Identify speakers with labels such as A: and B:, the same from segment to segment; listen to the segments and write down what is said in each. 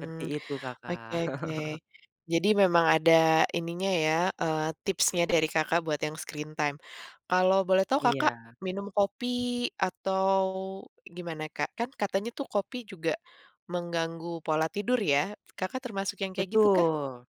A: Seperti itu
B: Oke
A: Kakak.
B: oke. Jadi memang ada ininya, ya, eee, tipsnya dari Kakak buat yang screen time. Kalau boleh tahu Kakak,
A: Iya.
B: minum kopi atau gimana, Kak? Kan katanya tuh kopi juga mengganggu pola tidur ya, Kakak termasuk yang kayak gitu kah?
A: Betul.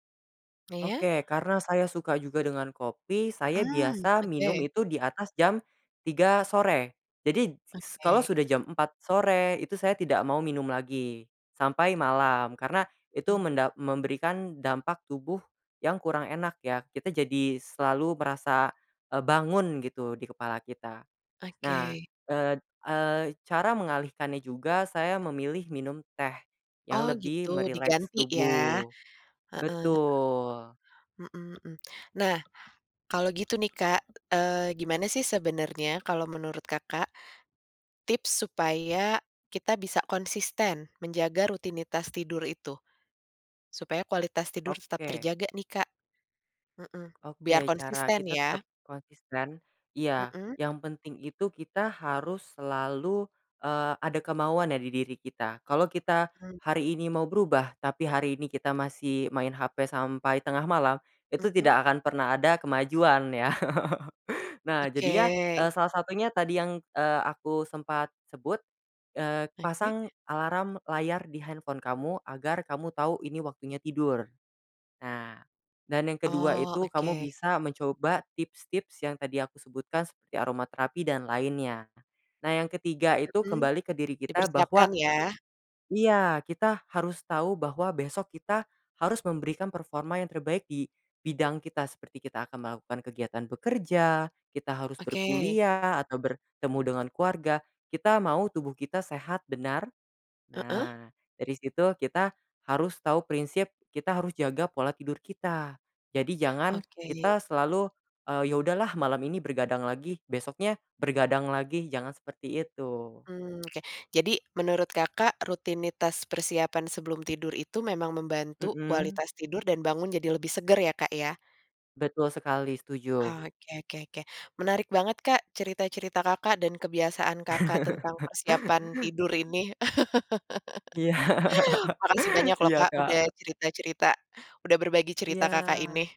B: Iya.
A: Oke karena saya suka juga dengan kopi, saya
B: Mmm,
A: biasa minum
B: oke.
A: itu di atas jam 3.00 sore, jadi s kalau
B: Oke.
A: sudah jam 4.00 sore, itu saya tidak mau minum lagi sampai malam karena itu
B: Mmm.
A: mendap memberikan dampak tubuh yang kurang enak ya, kita jadi selalu merasa, eee, bangun gitu di kepala kita. Nah,
B: Oke.
A: eee, d eee, cara mengalihkannya juga saya memilih minum teh yang
B: Oh,
A: lebih
B: gitu
A: merileks
B: diganti ya.
A: tubuh.
B: Heeh.
A: Betul.
B: Mmm mmm. Nah, kalau gitu nih, Kak, eee, gimana sih sebenarnya kalau menurut Kakak, tips supaya kita bisa konsisten menjaga rutinitas tidur itu? Supaya kualitas tidur tetap
A: Oke.
B: terjaga nih, Kak. Mmm. Biar
A: Oke, cara
B: konsisten
A: kita tetap
B: ya.
A: konsisten iya
B: Mmm.
A: yang penting itu kita harus selalu, eee, ada kemauan ya di diri kita. Kalau kita
B: Mmm.
A: hari ini mau berubah tapi hari ini kita masih main hape sampai tengah malam, itu
B: Mmm.
A: tidak akan pernah ada kemajuan ya. Nah jadinya,
B: Oke.
A: eee, salah satunya tadi yang, eee, aku sempat sebut, eee,
B: Oke.
A: pasang alarm layar di handphone kamu agar kamu tahu ini waktunya tidur. Nah dan yang kedua
B: Oh,
A: itu kamu
B: oke.
A: bisa mencoba tips-tips yang tadi aku sebutkan seperti aroma terapi dan lainnya. Nah, yang ketiga itu
B: Mhm,
A: kembali ke diri kita
B: dipersiapkan
A: bahwa
B: ya.
A: iya kita harus tahu bahwa besok kita harus memberikan performa yang terbaik di bidang kita, seperti kita akan melakukan kegiatan bekerja, kita harus
B: Oke.
A: berkuliah, atau bertemu dengan keluarga, kita mau tubuh kita sehat benar,
B: Heeh.
A: nah dari situ kita harus tahu prinsip, kita harus jaga pola tidur kita. Jadi, jangan
B: Oke.
A: kita selalu, eee, ya udah lah malam ini bergadang lagi, besoknya bergadang lagi, jangan seperti itu.
B: Mmm, oke. Jadi menurut Kakak, rutinitas persiapan sebelum tidur itu memang membantu
A: Mmm.
B: kualitas tidur dan bangun jadi lebih segar ya, Kak, ya?
A: Betul sekali, setuju.
B: Oh, oke oke oke, menarik banget, Kak, cerita-cerita Kakak dan kebiasaan Kakak tentang persiapan tidur ini.
A: Iya.
B: Makasih banyak loh,
A: Iya,
B: Kak, udah
A: Kak.
B: cerita-cerita, udah berbagi cerita Kakak
A: Iya.
B: ini.